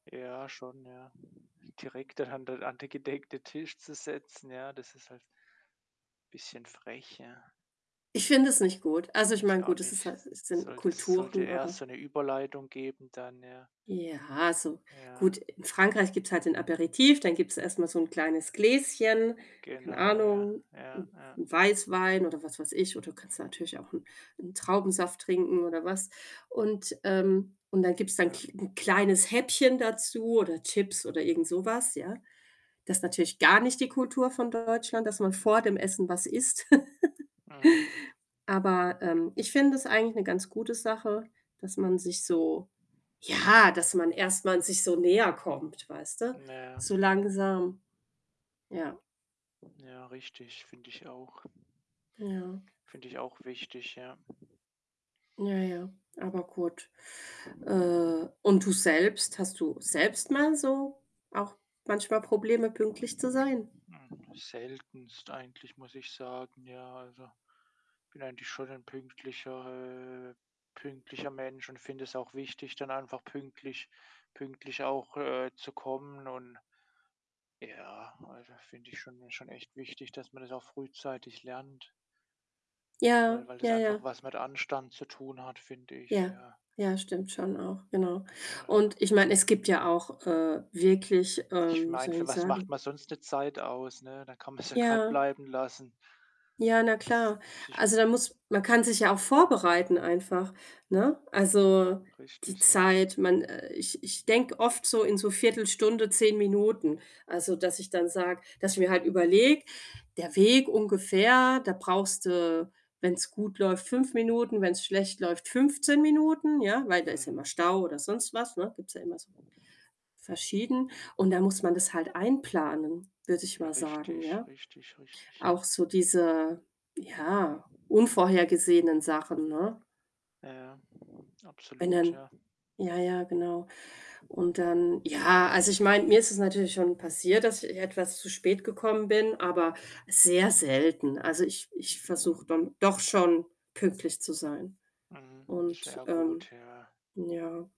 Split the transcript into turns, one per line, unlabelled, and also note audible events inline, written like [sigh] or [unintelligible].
Ja, schon, ja. Direkt da an den an den gedeckten Tisch zu setzen, ja, das ist halt bisschen frech, ja.
Ich finde es nicht gut. Also, ich
Ich
meine,
auch
gut, es ist
nicht.
halt s sind
Sollte s sollte
Kulturen,
erst
aber
so 'ne Überleitung geben, dann ja.
Ja, so.
Ja.
Gut, in Frankreich gibt's halt den Aperitif, dann gibt's erst mal so 'n kleines Gläschen, keine
Genau, ja,
Ahnung,
ja,
'n
ja.
'n Weißwein oder was weiß ich oder du kannst natürlich auch 'n 'n Traubensaft trinken oder was und, ähm, und dann gibt's
Ja.
ki 'n kleines Häppchen dazu, oder Chips, oder irgendsowas, ja. Das ist natürlich gar nicht die Kultur von Deutschland, dass man vor dem Essen was isst. [chuckles]
Mhm.
Aber, ähm, ich finde das eigentlich 'ne ganz gute Sache, dass man sich so ja, dass man erst mal sich so näherkommt, weißt du,
Na ja.
so langsam, ja.
Ja, richtig, finde ich auch.
Ja.
Finde ich auch wichtig, ja.
Ja, ja, aber gut. Äh, und du selbst? Hast du selbst mal so, auch manchmal Probleme, pünktlich zu sein?
Hm, seltenst eigentlich, muss ich sagen, ja. Also, ich bin eigentlich schon ein pünktlicher äh, pünktlicher Mensch und finde es auch wichtig, dann einfach pünktlich pünktlich auch, äh, zu kommen und ja, also, finde ich schon schon echt wichtig, dass man das auch frühzeitig lernt. weil
Ja,
weil das
ja,
einfach
ja.
was mit Anstand zu tun hat, finde ich,
Ja,
ja.
ja, stimmt schon auch, genau
Also
und ich meine, es gibt ja auch, äh, wirklich
ich
ähm, wie
meine,
soll ich
für
'n
was macht
sagen
man sonst 'ne Zeit aus, ne? Da kann man's ja grad
Ja.
bleiben lassen.
Ja, na klar.
[unintelligible]
Also, da muss man kann sich ja auch vorbereiten einfach, ne? Also,
K
die
richtig, ja.
Zeit, man ich ich denke oft so in so 1/4 Stunde, 10 Minuten. Also, dass ich dann sage dass ich mir halt überlege: „Der Weg ungefähr, da brauchst du, wenn's gut läuft, 5 Minuten, wenn's schlecht läuft, 15 Minuten“, ja, weil da ist ja
Mhm.
mal Stau oder sonst was, ne, gibt's ja immer so verschieden und dann muss man das halt einplanen, würde ich
Ja,
mal sagen,
richtig,
ja.
richtig, richtig, ja.
Auch so diese, ja, unvorhergesehenen Sachen, ne?
Ja,
Wenn
absolut,
dann
ja.
ja, ja, genau. Und dann ja, also ich meine, mir ist es natürlich schon passiert, dass ich j etwas zu spät gekommen bin, aber sehr selten. Also, ich ich versuche dann doch schon, pünktlich zu sein
Mhm.
und,
Sehr
ähm
gut, ja.
ja.